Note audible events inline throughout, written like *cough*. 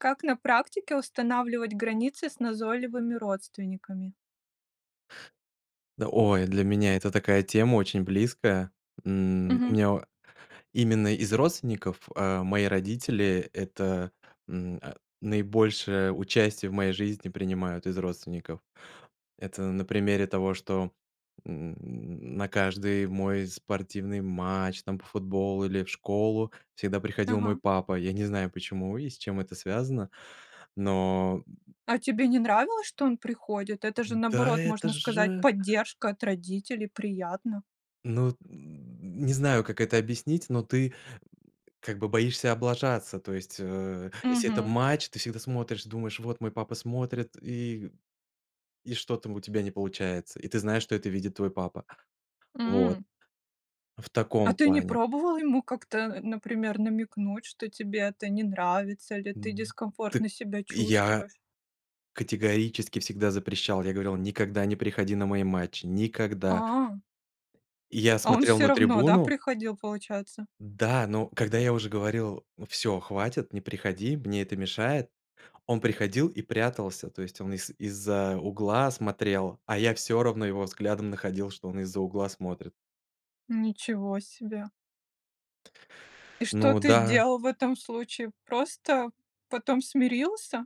Как на практике устанавливать границы с назойливыми родственниками? Да, ой, для меня это такая тема очень близкая. М, у Мгм. меня о именно из родственников, э, мои родители это, м, а, наибольшее участие в моей жизни принимают из родственников. Это на примере того, что, м, на каждый мой спортивный матч, там по футболу или в школу, всегда приходил Ага. мой папа. Я не знаю, почему и с чем это связано, но, м А тебе не нравилось, что он приходит? Это же, М. Да наоборот, это можно сказать, же поддержка от родителей, приятно. Ну, *grunts* не знаю, как это объяснить, но ты *grunts* как бы боишься облажаться. То есть, э, если это Мгм. матч, ты всегда смотришь, думаешь: "Вот мой папа смотрит". И и что-то у тебя не получается, и ты знаешь, что это видит твой папа. Вот. М. В А таком ты не плане. пробовал ему как-то, э, например, намекнуть, что тебе это не нравится или ты М. Т дискомфортно себя я чувствуешь? категорически всегда запрещал, я говорил: "Никогда не приходи на мои матчи, никогда!" А. Я А он смотрел всё на равно, да, трибуну, приходил, получается? да, но когда я уже говорил: "Всё, хватит, не приходи, мне это мешает", он приходил и прятался, то есть он из из-за угла смотрел, а я всё равно его взглядом находил, что он из-за угла смотрит. Ничего себе! И что Ну ты да. делал в этом случае? Просто потом смирился?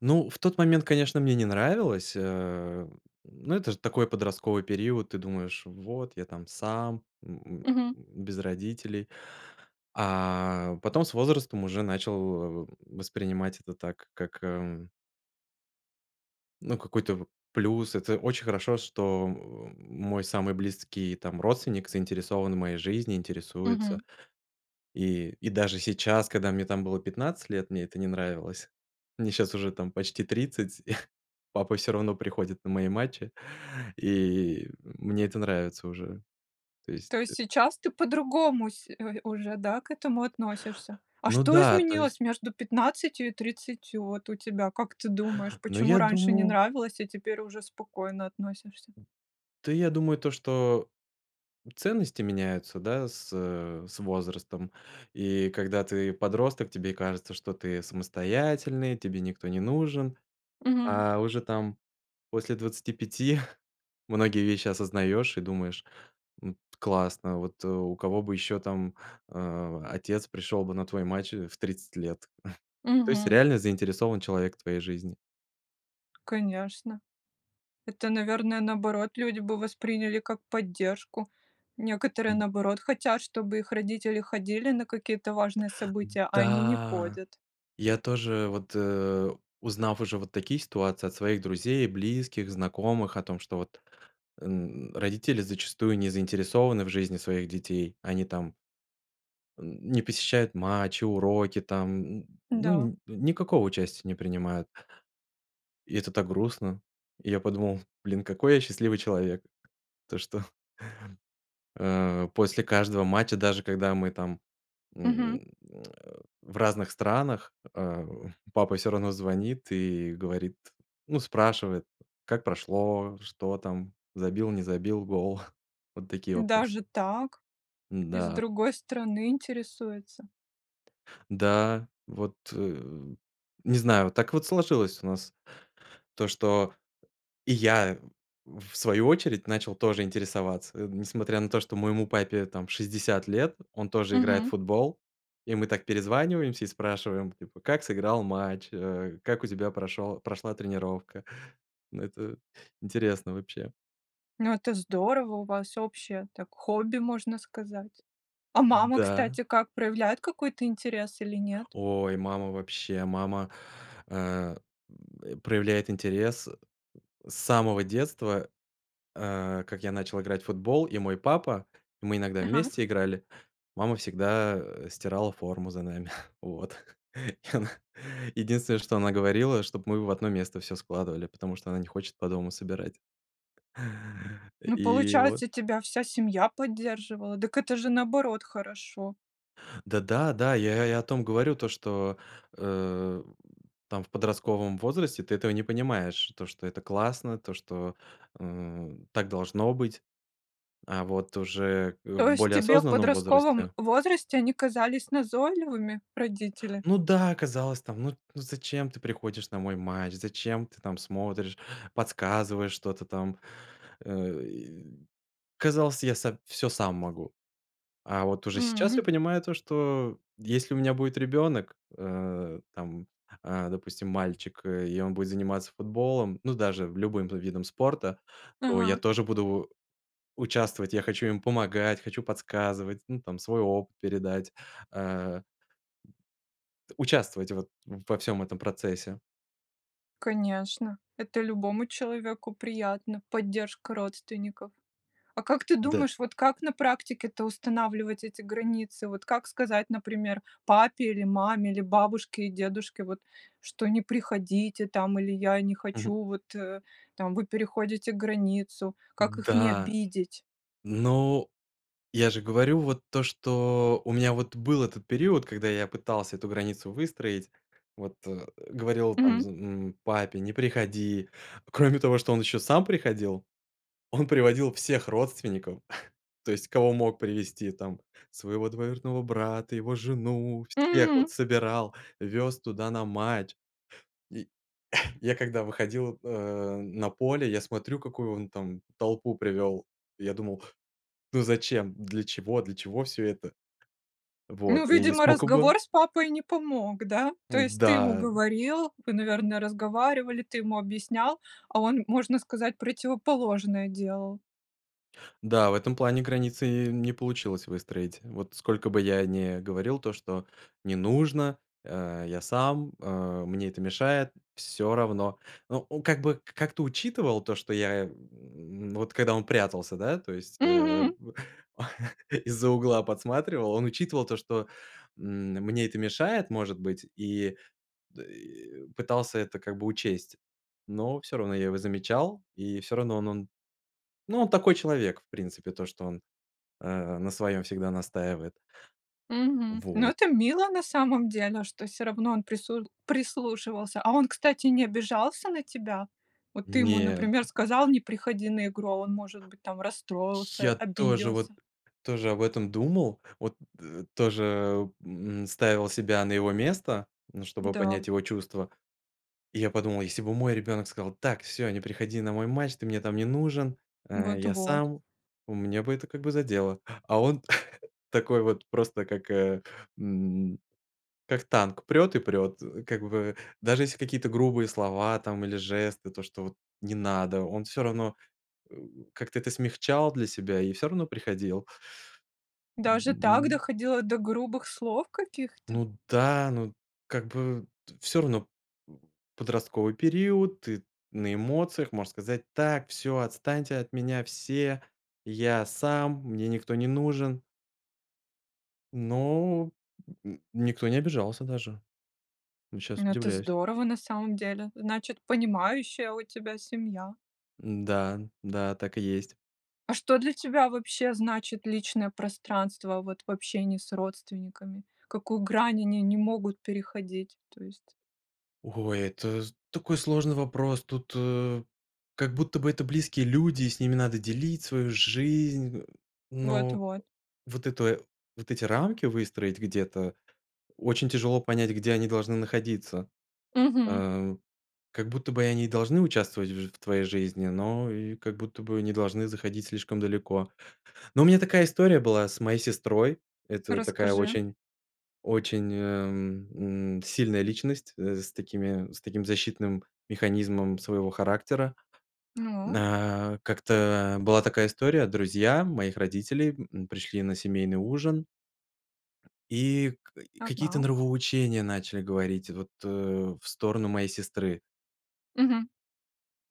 Ну, в тот момент, конечно, мне не нравилось, э, но это ж такой подростковый период, ты думаешь: "Вот, я там сам. М, м, Мгм. без родителей". А потом с возрастом уже начал, э, воспринимать это так как, э, м Ну какой-то в плюс. Это очень хорошо, что, о, мой самый близкий, там, родственник заинтересован в моей жизни, интересуется. Мгм. И, и, даже сейчас, когда мне там было 15 лет, мне это не нравилось. Мне щас уже там почти 30, *chuckles* папа всё равно приходит на мои матчи, и, мне это нравится уже. То есть То есть э сейчас ты по-другому, се ой, уже, да, к этому относишься? А Ну что да, то есть изменилось между 15 и 30 вот у тебя? Как ты думаешь, Но почему я раньше не думаю нравилось, а теперь уже спокойно относишься? Д Та я думаю то, что ценности меняются, да, с, э, с, возрастом. И когда ты подросток, тебе кажется, что ты самостоятельный, тебе никто не нужен, Мгм. а уже там после 25 *chuckles* многие вещи осознаёшь и думаешь: "М, классно, вот у кого бы ещё, там, э, отец пришёл бы на твой матч в 30 лет". *chuckles* То есть Мгм. реально заинтересован человек в твоей жизни. Конечно, это, наверное, наоборот люди бы восприняли как поддержку. Некоторые М. наоборот хотят, чтобы их родители ходили на какие-то важные М, события, а они не да! ходят. Я тоже, вот, э, узнав уже вот такие ситуации от своих друзей, близких, знакомых, о том, что вот э, н родители зачастую не заинтересованы в жизни своих детей, они там м, не посещают матчи, уроки, там, н ну, Да. нь никакого участия не принимают. И это так грустно. И я подумал: "Блин, какой я счастливый человек!" То что Э. После каждого матча, даже когда мы там, Мгм. м, э, в разных странах, а, папа всё равно звонит и говорит ну спрашивает: "Как прошло? Что там? Забил, не забил, гол?" *chuckles* Вот такие вопросы. Даже так? Из М-да. другой страны интересуется. Да, вот, э, не знаю, так вот сложилось у нас то, что и я, в свою очередь начал тоже интересоваться. Несмотря на то, что моему папе там 60 лет, он тоже играет в Мгм. футбол. И мы так перезваниваемся и спрашиваем типа "как сыграл матч?" Э, "как у тебя прошел прошла тренировка?" Это интересно, вообще. Ну это здорово! У вас общее так хобби, можно сказать. А Д мама, да. кстати, как проявляет какой-то интерес или нет? Ой, мама вообще мама, э, м, э, проявляет интерес, э, с самого детства, а, как я начал играть в футбол, и мой папа и мы иногда Ага. вместе играли, мама всегда, э, стирала форму за нами. *chuckles* Вот *chuckles* и она единственное, что она говорила, чтоб мы в одно место всё складывали, потому что она не хочет по дому собирать. Ну, И вот. получается, тебя вся семья поддерживала. Дак это же наоборот хорошо. Да да, да я я и о том говорю То что, э, в там в подростковом возрасте ты этого не понимаешь, то что это классно, то что, м, так должно быть. А вот уже, э, в То есть более тебе в осознанном подростковом возрасте возрасте они казались назойливыми, родители? Ну да. Казалось там, ну т ну зачем ты приходишь на мой матч, зачем ты там смотришь, подсказываешь что-то там? Э, и казалось я са всё сам могу. А вот уже М, сейчас я м. понимаю, то что, если у меня будет ребёнок. Э, там, а, допустим мальчик, э, и он будет заниматься футболом, ну даже в любым бы видом спорта. То я Ага. тоже буду участвовать. Я хочу им помогать, хочу подсказывать, ну там свой опыт передать, а. Участвовать вот во всём этом процессе. Конечно, это любому человеку приятно- поддержка родственников. А как ты Да. думаешь, вот как на практике-то устанавливать эти границы? Вот как сказать, например, папе или маме, или бабушке и дедушке вот, что: "Не приходите там" или "Я не Мгм. хочу", вот, э, там: "Вы переходите границу"- как их не Да. обидеть? Но я же говорю вот то, что у меня вот был этот период, когда я пытался эту границу выстроить, вот, э, говорил там, Мгм. з м, папе: "Не приходи". Кроме того, что он ещё сам приходил, он приводил всех родственников, *chuckles* то есть кого мог привести, там, своего двоюродного брата, его жену, всех вот М. собирал, вёз туда на матч. *chuckles* И я, когда выходил, э, на поле, я смотрю, какую он там толпу привёл. Я думал: "Ну, зачем? Для чего? Для чего всё это?" Ну, Вот. И видимо, скока бы разговор с папой не помог, да? То есть ты ему Да. говорил, вы, наверное, разговаривали, ты ему объяснял, а он, можно сказать, противоположное делал. Да, в этом плане границы, не получилось выстроить. Вот сколько бы я не говорил то, что: не нужно, а, я сам, а, мне это мешает. Всё равно. Ну, он как бы, к как-то учитывал, то, что я, м, вот, когда он прятался, да, то есть, э, Мгм. в *chuckles* из-за угла подсматривал. Он учитывал то, что, м, мне это мешает, может быть. И, д э, пытался это, как бы, учесть. Но всё равно я его замечал, и всё равно он он. Ну, он такой человек в принципе, то, что он, а, на своём всегда настаивает. Мгм. Ну Вот. это мило на самом деле, что всё равно он прису прислушивался. А он, кстати, не обижался на тебя? Вот ты ему, Нет. например, сказал: "Не приходи на игру!" А он, может быть, там расстроился, Я тоже, вот, обиделся. тоже об этом думал. Вот, э, тоже, м, ставил себя на его место, ну, чтобы понять Да. его чувства. И я подумал, если бы мой ребенок сказал: "Так всё! Не приходи на мой матч! Ты мне там не нужен, а, я Вот-вот. сам". А меня бы это, как бы, задело. *inhales* А он, *chuckles* такой, вот, просто как, а, м, как танк, прёт и прёт, э, как бы. Даже если какие-то грубые слова, там или жесты, то что, вот, "не надо", он всё равно, э, как-то это смягчал для себя и всё равно приходил. Даже так, Мгм. доходило до грубых слов каких-то? Ну да, ну, как бы, т всё равно подростковый период, ты на эмоциях, можешь сказать: "Так всё, отстаньте от меня все, я сам, мне никто не нужен!" Но. М, никто не обижался даже, вот щас Ну, это удивляюсь. здорово, на самом деле. Значит понимающая у тебя семья. М-да. Да, так и есть. А что для тебя вобще значит личное пространство, вот, в общении с родственниками? Какую грань они не могут переходить, то есть? Ой, это з такой сложный вопрос! Тут, э, как будто бы это близкие люди, с ними надо делить свою жизнь, э. Но Вот-вот. вот это, вот эти рамки выстроить- где-то очень тяжело понять, где они должны находиться. Мгм. А. Как будто бы, они должны участвовать в ж в твоей жизни, но и, как будто бы, не должны заходить слишком далеко. Ну у меня такая история была с моей сестрой. Это такая Расскажи. очень очень, а, м, м, сильная личность, э, с такими, с таким защитным механизмом своего характера. Ну. На, как-то, а, была такая история. Друзья моих родителей, м, пришли на семейный ужин и к и какие-то Ага. нравоучения начали говорить, вот, э, в сторону моей сестры. Мгм.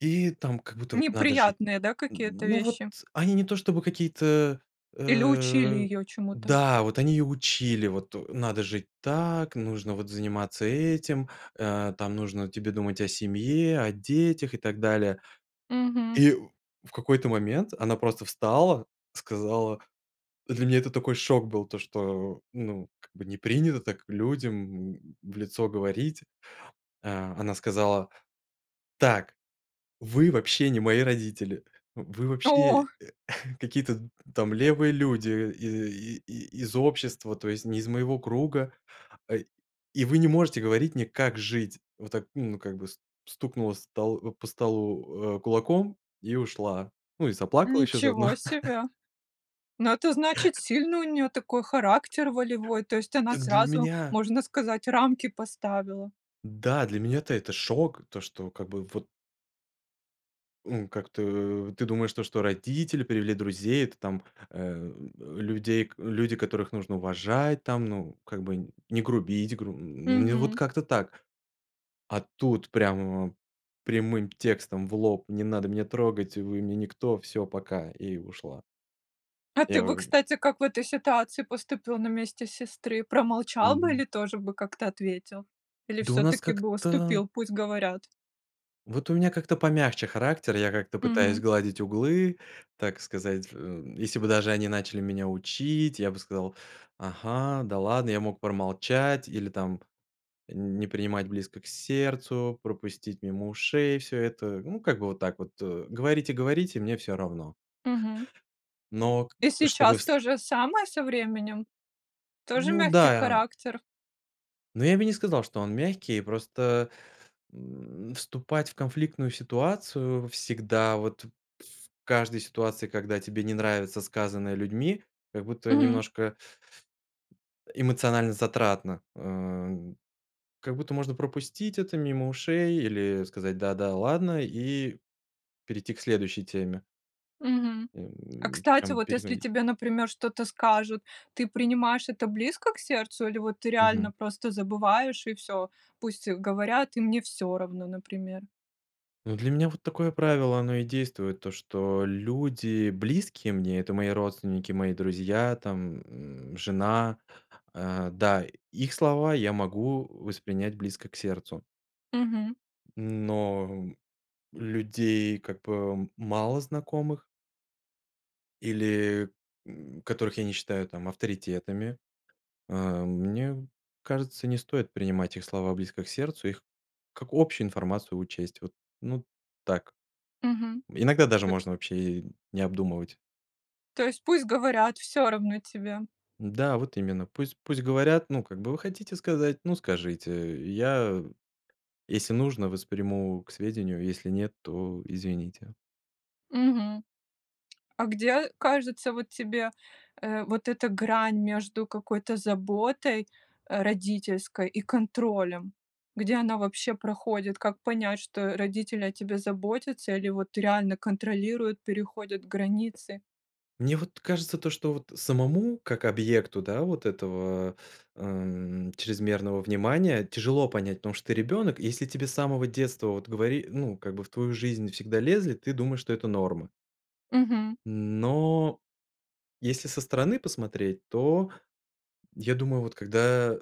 И там как будто вот надо жить. Неприятные, да, Н какие-то ну, вот вещи? они не то чтобы какие-то, Или учили э, её чему-то? да, вот они ее учили вот: "Надо жить так, нужно вот заниматься этим, а, нужно тебе думать о семье, о детях". И так далее. Мгм. И в какой-то момент она просто встала, сказала Для меня это такой шок был, то что, ну, как бы, не принято так людям, м, в лицо говорить. А а она сказала: "Так, вы вообще, не мои родители, вы О! вообще *chuckles* э, какие-то т там левые люди и и и и из общества, то есть не из моего круга, а, и вы не можете говорить мне, как жить". Вот так, ну, как бы, с стукнула с стол по столу, а, кулаком и ушла, ну, и заплакала еще заодно. Ничего *chuckles* себе! Но это значит, сильный у неё такой характер, волевой, то есть она Так, для сразу, меня можно сказать, рамки поставила. да, для меня-то это шок, то, что, как бы, вот ну, как-то ты думаешь, то, что родители привели друзей, это там, э, э, людей к люди, которых нужно уважать там, ну, как бы, не грубить, гру н вот Мгм. как-то так. А тут прямо прямым текстом в лоб: "Не надо меня трогать, вы мне никто, всё, пока". И ушла. А Я, ты бы, э кстати, как в этой ситуации поступил на месте сестры? Промолчал бы Мгм. или тоже бы как-то ответил? Или Да у нас всё-таки бы как-то уступил, пусть говорят? Вот у меня как-то помягче характер, я как-то пытаюсь Мгм. сгладить углы, так сказать, ф э, если бы даже они начали меня учить, я бы сказал: "Ага, да ладно". Я мог промолчать или там не принимать близко к сердцу, пропустить мимо ушей всё это. Ну, как бы вот так вот, э, "говорите-говорите, мне всё равно". Мгм. Но к И чтобы сейчас с то же самое со временем? Тоже Ну мягкий да. характер? Но я бы не сказал, что он мягкий. Просто, м, вступать в конфликтную ситуацию всегда, вот в каждой ситуации, когда тебе не нравится сказанное людьми, как будто Мгм. немножко, м, э, эмоционально затратно, а, как будто можно пропустить это мимо ушей или сказать "да, да, ладно" и перейти к следующей теме. Мгм. А Эм, кстати, чем вот если переходить тебе, например, что-то скажут, ты принимаешь это близко к сердцу, или вот ты реально Мгм. просто забываешь и всё, пусть говорят, и мне всё равно, например? Ну, для меня вот такое правило оно и действует, то что люди близкие мне, это мои родственники, мои друзья, там, м, жена а, да, их слова я могу воспринять близко к сердцу Мгм. но людей как бы малознакомых или, м, которых я не считаю там авторитетами, а, мне кажется, не стоит принимать их слова близко к сердцу, их как общую информацию учесть. Вот, ну так, Мгм, иногда даже то есть можно вообще и не обдумывать. То есть пусть говорят, всё равно тебе. Да, вот именно, пусть пусть говорят. Ну, как бы вы хотите сказать, ну, скажите, я, если нужно, восприму к сведению, если нет, то извините. Мгм. А где, кажется, вот тебе, э, вот эта грань между какой-то заботой родительской и контролем? Где она вообще проходит? Как понять, что родители о тебе заботятся или вот реально контролируют, переходят границы? Мне вот кажется то, что, вот самому как объекту, да, вот, этого, э, м, чрезмерного внимания тяжело понять, потому что ты ребенок, и если тебе с самого детства вот говори ну, как бы в твою жизнь всегда лезли, ты думаешь, что это норма. Мгм. Но, если со стороны посмотреть, то я думаю, вот когда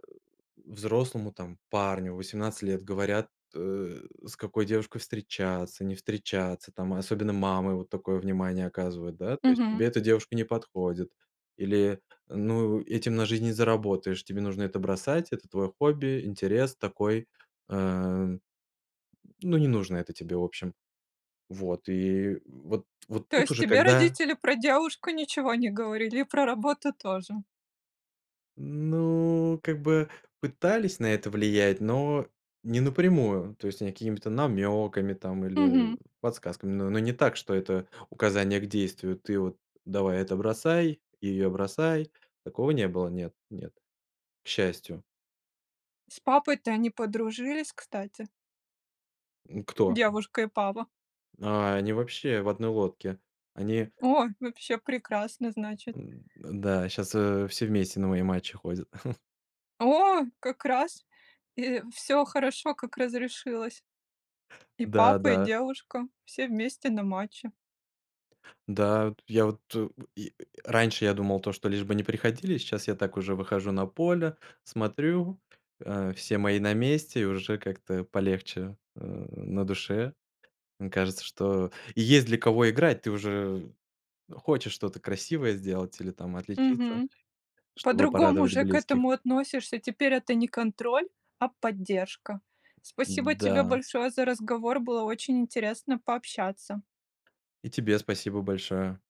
взрослому, там парню в 18 лет говорят, э, с какой девушкой встречаться, не встречаться, там особенно мамы вот такое внимание оказывают, да, то есть: Мгм. "Тебе эта девушка не подходит" или: "Ну, этим на жизнь не заработаешь, тебе нужно это бросать, это твое хобби, интерес такой". Э, м, ну, не нужно это тебе, в общем. Вот, и вот вот То тут есть уже тебе когда родители про девушку ничего не говорили и про работу тоже? Ну, как бы пытались на это влиять, но не напрямую, то есть какими-то намеками там или Мгм. подсказками, но но не так, что это указание к действию: "Ты вот давай это бросай и ее бросай". Такого не было, нет, нет, к счастью. С папой-то они подружились, кстати? М, кто? Девушка и папа. А, они вообще в одной лодке, они О, вообще прекрасно, значит. М-да, щас, э, все вместе на мои матчи ходят. *chuckles* О, как раз и, всё хорошо, как разрешилось! И Да папа, и да. девушка- все вместе на матче! Да. Вот, я вот, э, я, раньше я думал то, что лишь бы не приходили, сейчас я так уже выхожу на поле, смотрю, э, все мои на месте, уже как-то полегче, э, на душе. Кажется, что есть для кого играть, ты уже хочешь что-то красивое сделать или, там, отличиться, Мгм. чтобы По-другому порадовать же к близких. этому относишься. Теперь это не контроль, а поддержка. Спасибо тебе М-да. большое за разговор. Было очень интересно пообщаться. И тебе спасибо большое.